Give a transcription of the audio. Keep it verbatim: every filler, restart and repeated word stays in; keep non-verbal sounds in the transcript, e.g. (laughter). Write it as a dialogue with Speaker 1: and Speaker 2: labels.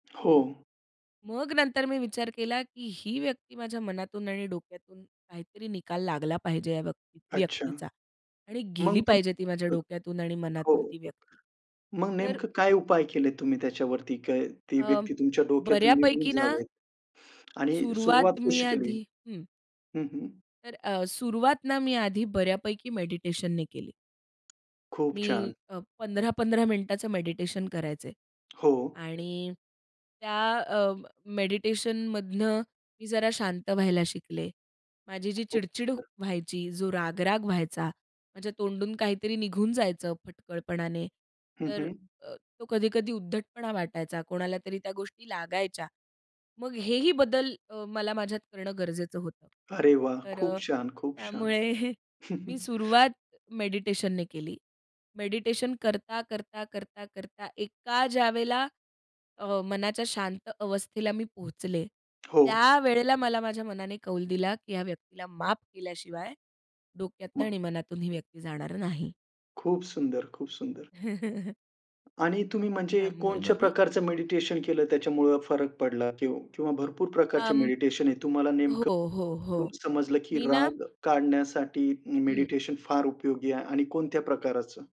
Speaker 1: हो.
Speaker 2: मग नंतर मी विचार केला, की ही व्यक्ती माझ्या मनातून आणि डोक्यातून काहीतरी निकाल लागला पाहिजे या व्यक्ती
Speaker 1: अच्छा.
Speaker 2: व्यक्तीचा. आणि गेली
Speaker 1: मग
Speaker 2: पाहिजे
Speaker 1: तुम्ही
Speaker 2: ती माझ्या
Speaker 1: अ,
Speaker 2: डोक्यातून आणि मनातून
Speaker 1: हो.
Speaker 2: ती व्यक्ती.
Speaker 1: मग
Speaker 2: तर
Speaker 1: नेमकं काय उपाय केलेत तुम्ही त्याच्यावरती? काय ती
Speaker 2: अ,
Speaker 1: व्यक्ती तुमच्या डोक्यातून निघून
Speaker 2: बऱ्यापैकी ना
Speaker 1: जावेत? आणि
Speaker 2: सुरुवात
Speaker 1: सुरुवात
Speaker 2: मी
Speaker 1: कशी केली?
Speaker 2: आधी हं.
Speaker 1: हं, हं.
Speaker 2: तर अ, सुरुवात ना मी आधी बऱ्यापैकी मेडिटेशननी केली.
Speaker 1: खूप
Speaker 2: मी
Speaker 1: छान.
Speaker 2: अ, पंधरा पंधरा मिनिटाचं मेडिटेशन करायचे
Speaker 1: हो.
Speaker 2: आणि त्या अ, मेडिटेशनमधनं मी जरा शांत व्हायला शिकले. माझी जी
Speaker 1: खूप
Speaker 2: चिड-चिड
Speaker 1: छान.
Speaker 2: व्हायची, जो राग-राग व्हायचा, माझ्या तोंडून काहीतरी निघून जायचं फटकळपणाने.
Speaker 1: हं
Speaker 2: तर
Speaker 1: हं.
Speaker 2: अ, तो कधी-कधी उद्धटपणा वाटायचा. कोणाला तरी त्या गोष्टी लागायच्या. मग हेही बदल अ, मला माझ्यात करणं गरजेचं होतं.
Speaker 1: अरे वाह!
Speaker 2: तर
Speaker 1: खूप
Speaker 2: अ,
Speaker 1: छान, खूप छान.
Speaker 2: त्यामुळे मी सुरुवात मेडिटेशनने केली. मेडिटेशन करता, करता, करता, करता, एका ज्यावेळेला अ, मनाच्या शांत अवस्थेला मी पोहचले,
Speaker 1: हो.
Speaker 2: त्यावेळेला मला माझ्या मनाने कौल दिला, की ह्या व्यक्तीला माफ केल्याशिवाय डोक्यातनं
Speaker 1: मग.
Speaker 2: आणि मनातून ही व्यक्ती जाणार नाही.
Speaker 1: खूप सुंदर, खूप सुंदर.
Speaker 2: (chuckles)
Speaker 1: आणि तुम्ही म्हणजे
Speaker 2: त्यामुळे
Speaker 1: कोणच्या
Speaker 2: मग मी
Speaker 1: प्रकारचं मेडिटेशन केलं, त्याच्यामुळं फरक पडला किंव किंवा भरपूर प्रकारचे
Speaker 2: अं,
Speaker 1: मेडिटेशन आहे. तुम्हाला नेमकं
Speaker 2: हो, हो,
Speaker 1: कुठून
Speaker 2: हो.
Speaker 1: समजलं की
Speaker 2: मी ना,
Speaker 1: राग काढण्यासाठी ही
Speaker 2: हं.
Speaker 1: मेडिटेशन फार उपयोगी आहे आणि कोणत्या प्रकाराचं?